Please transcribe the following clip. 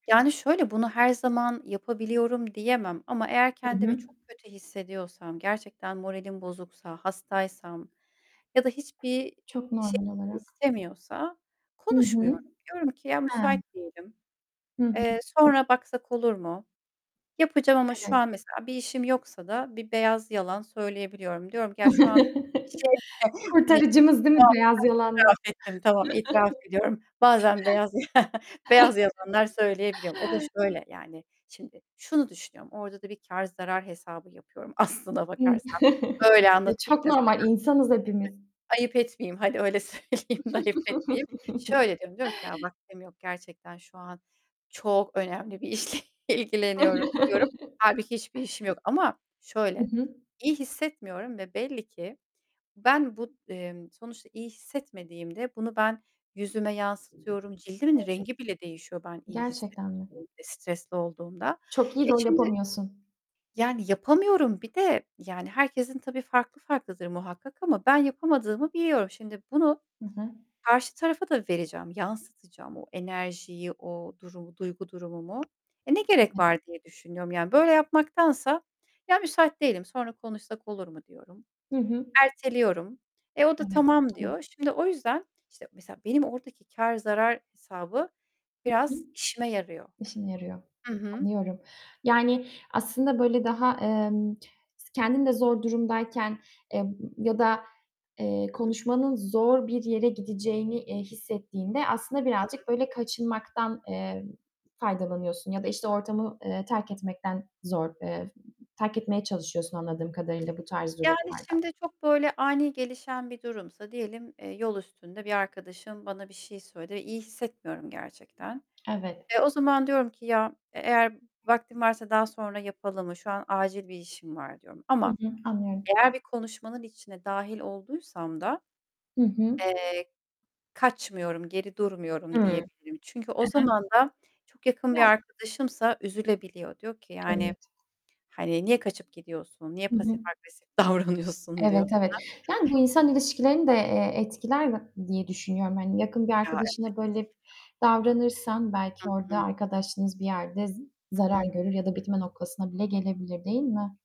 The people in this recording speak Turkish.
Yani şöyle bunu her zaman yapabiliyorum diyemem ama eğer Hı kendimi hı. çok kötü hissediyorsam, gerçekten moralim bozuksa, hastaysam ya da hiçbir Çok şey normal olarak. istemiyorsa Hı hı. konuşmuyorum. Diyorum ki, "Ya müsait He. değilim. Hı hı. Eee, sonra baksak olur mu?" Yapacağım ama şu Evet. an mesela bir işim yoksa da bir beyaz yalan söyleyebiliyorum. Diyorum ki ya şu an şey [unintelligible] Kurtarıcımız, değil mi, itiraf beyaz yalanlar? ettim, tamam itiraf ediyorum. Bazen beyaz, beyaz yalanlar söyleyebiliyorum. O da şöyle yani, şimdi şunu düşünüyorum. Orada da bir kâr zarar hesabı yapıyorum aslına Hı. bakarsan. Öyle Ya anlatayım çok da sana. normal, insanız hepimiz. Ayıp etmeyeyim. Hadi öyle söyleyeyim de ayıp etmeyeyim. Şöyle diyorum, diyorum ki "Ya vaktim yok, gerçekten şu an çok önemli bir işle ilgileniyorum." diyorum. Hâlbuki hiçbir işim yok ama Hı şöyle, hı. iyi hissetmiyorum ve belli ki ben bu, emm, sonuçta iyi hissetmediğimde bunu ben yüzüme yansıtıyorum, cildimin rengi bile değişiyor ben Evet. iyi Gerçekten mi? hissetmediğimde, stresli olduğumda. Çok iyi Eee, rol şimdi yapamıyorsun. ...yani yapamıyorum bir de yani, herkesin tabii farklı farklıdır muhakkak ama ben yapamadığımı biliyorum. Şimdi bunu Hı hı. karşı tarafa da vereceğim, yansıtacağım o enerjiyi, o durumu, duygu durumumu. Eee, ne gerek [unintelligible] var diye düşünüyorum. Yani böyle yapmaktansa "Ya müsait değilim, sonra konuşsak olur mu?" diyorum. Hı hı. Erteliyorum. Eee, o da Evet. tamam [unintelligible] diyor. Şimdi o yüzden işte mesela benim oradaki kâr zarar hesabı Hı hı. biraz işime yarıyor. İşine yarıyor. Hı hı. Anlıyorum. Yani aslında böyle daha, emm, kendin de zor durumdayken, eee, ya da, eee, [unintelligible] konuşmanın zor bir yere gideceğini, eee, hissettiğinde aslında Hı hı. birazcık böyle kaçınmaktan, eee, faydalanıyorsun ya da işte ortamı, eee, terk etmekten zor, eee, terk etmeye çalışıyorsun anladığım kadarıyla bu tarz Yani durumlarda. şimdi çok böyle ani gelişen bir durumsa diyelim, eee, yol üstünde bir arkadaşım bana bir şey söyledi ve iyi hissetmiyorum gerçekten. Evet. Eee, o zaman diyorum ki "Ya e eğer vaktim varsa daha sonra yapalım mı? Şu an acil bir işim var." diyorum Hı ama hı. Anlıyorum. eğer bir konuşmanın içine dâhil olduysam da, Hı hı. eee, kaçmıyorum, geri Hıı. durmuyorum Hı diyebilirim. Çünkü o hı. zaman da çok yakın bir Biraz. arkadaşımsa üzülebiliyor. Diyor ki Evet. yani, hani "Niye kaçıp gidiyorsun? Niye Hı pasif hı. agresif davranıyorsun." diyor Evet, bana. evet. [unintelligible] Yani bu insan ilişkilerini de, eee, etkiler [unintelligible] diye düşünüyorum. Hani yakın bir Ya. Evet. arkadaşına böyle [unintelligible] davranırsan, belki Hı orada hı. arkadaşlığınız bir yerde za Hı zarar hı. görür ya da bitme noktasına bile gelebilir, değil mi?